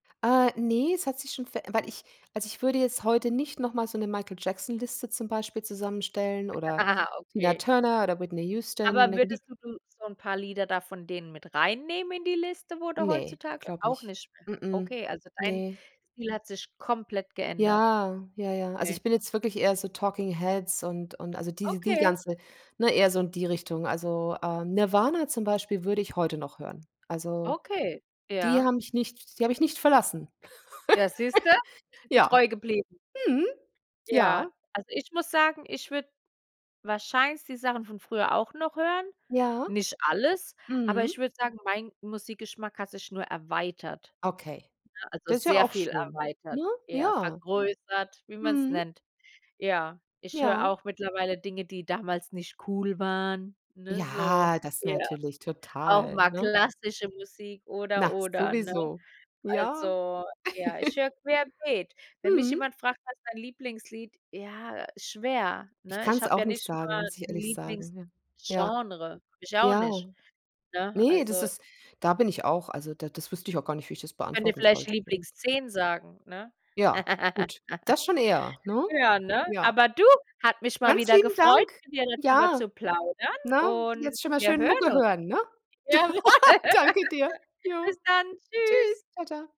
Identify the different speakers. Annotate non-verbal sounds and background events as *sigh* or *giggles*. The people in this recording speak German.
Speaker 1: Äh, ne, es hat sich schon weil ich also, ich würde jetzt heute nicht noch mal so 'ne Michael-Jackson-Liste zum Beispiel zusammenstellen oder
Speaker 2: Ah,
Speaker 1: Tina
Speaker 2: okay.
Speaker 1: Turner oder Whitney Houston,
Speaker 2: Aber
Speaker 1: ne? Die
Speaker 2: würdest du du so 'n paar Lieder da von denen mit reinnehmen in die Liste, wo du
Speaker 1: Ne,
Speaker 2: heutzutage
Speaker 1: glaube
Speaker 2: auch
Speaker 1: nicht,
Speaker 2: nicht mehr?
Speaker 1: m m,
Speaker 2: Okay, also dein
Speaker 1: ne.
Speaker 2: Ziel hat sich komplett geändert.
Speaker 1: Ja, ja, ja. Also,
Speaker 2: Okay.
Speaker 1: ich bin jetzt wirklich eher so Talking Heads und und also die die
Speaker 2: Okay.
Speaker 1: ganze ne? Eher so in die Richtung. Also, äh, Nirvana zum Beispiel würde ich heute noch hören. Also,
Speaker 2: Okay,
Speaker 1: die
Speaker 2: ja.
Speaker 1: haben mich nicht die habe ich nicht verlassen.
Speaker 2: Ja, siehst du,
Speaker 1: *giggles*
Speaker 2: bist du
Speaker 1: Ja,
Speaker 2: treu geblieben.
Speaker 1: mhm, ja.
Speaker 2: Ja, also, ich muss sagen, ich würde wahrscheinlich die Sachen von früher auch noch hören,
Speaker 1: Ja,
Speaker 2: nicht alles, aber
Speaker 1: mhm.
Speaker 2: ich würde sagen, mein Musikgeschmack hat sich nur erweitert,
Speaker 1: Okay,
Speaker 2: ne? Also,
Speaker 1: das ist ja
Speaker 2: sehr
Speaker 1: auch
Speaker 2: viel
Speaker 1: schön, ne?
Speaker 2: erweitert, eher
Speaker 1: Ja,
Speaker 2: vergrößert, wie man's
Speaker 1: mhm.
Speaker 2: nennt. Ja, ich höre
Speaker 1: Ja.
Speaker 2: auch mittlerweile Dinge, die damals nicht cool waren, ne? So,
Speaker 1: Ja, das
Speaker 2: ja.
Speaker 1: natürlich
Speaker 2: Auch
Speaker 1: total,
Speaker 2: mal
Speaker 1: ne? *laughs*
Speaker 2: klassische Musik oder
Speaker 1: Na,
Speaker 2: oder, ne?
Speaker 1: sowieso. Ja.
Speaker 2: Also, ja, ich
Speaker 1: *giggles*
Speaker 2: höre querbeet. Wenn mich
Speaker 1: Mhm.
Speaker 2: jemand fragt: „Was ist dein Lieblingslied?“ Ja, schwer,
Speaker 1: Ich
Speaker 2: ne? Ich
Speaker 1: kann's
Speaker 2: habe
Speaker 1: auch
Speaker 2: ja
Speaker 1: nicht
Speaker 2: nicht nur
Speaker 1: sagen,
Speaker 2: 'n
Speaker 1: muss ich ehrlich sagen, ja. Ja.
Speaker 2: Lieblingsgenre, habe ich auch nicht,
Speaker 1: Ja.
Speaker 2: ne?
Speaker 1: Ne, das
Speaker 2: Also
Speaker 1: ist da bin ich auch also, da das wüsste ich auch gar nicht, wie ich das
Speaker 2: Kann dir
Speaker 1: beantworten
Speaker 2: vielleicht die
Speaker 1: sollte.
Speaker 2: Lieblings-10 sagen, ne?
Speaker 1: Ja,
Speaker 2: *laughs*
Speaker 1: gut. Das schon eher, ne?
Speaker 2: Ja, ne?
Speaker 1: Ja.
Speaker 2: Aber du, hat mich mal
Speaker 1: Ganz
Speaker 2: wieder
Speaker 1: lieben
Speaker 2: gefreut,
Speaker 1: Dank.
Speaker 2: mit dir darüber
Speaker 1: Ja,
Speaker 2: zu plaudern
Speaker 1: ne?
Speaker 2: und
Speaker 1: Jetzt schon mal
Speaker 2: wir
Speaker 1: schön
Speaker 2: hören
Speaker 1: Mucke
Speaker 2: uns.
Speaker 1: hören, ne?
Speaker 2: Jawohl.
Speaker 1: *laughs*
Speaker 2: *laughs*
Speaker 1: Danke dir, ja.
Speaker 2: Bis dann.
Speaker 1: Tschüss,
Speaker 2: Tschüss.
Speaker 1: tschau, tschau.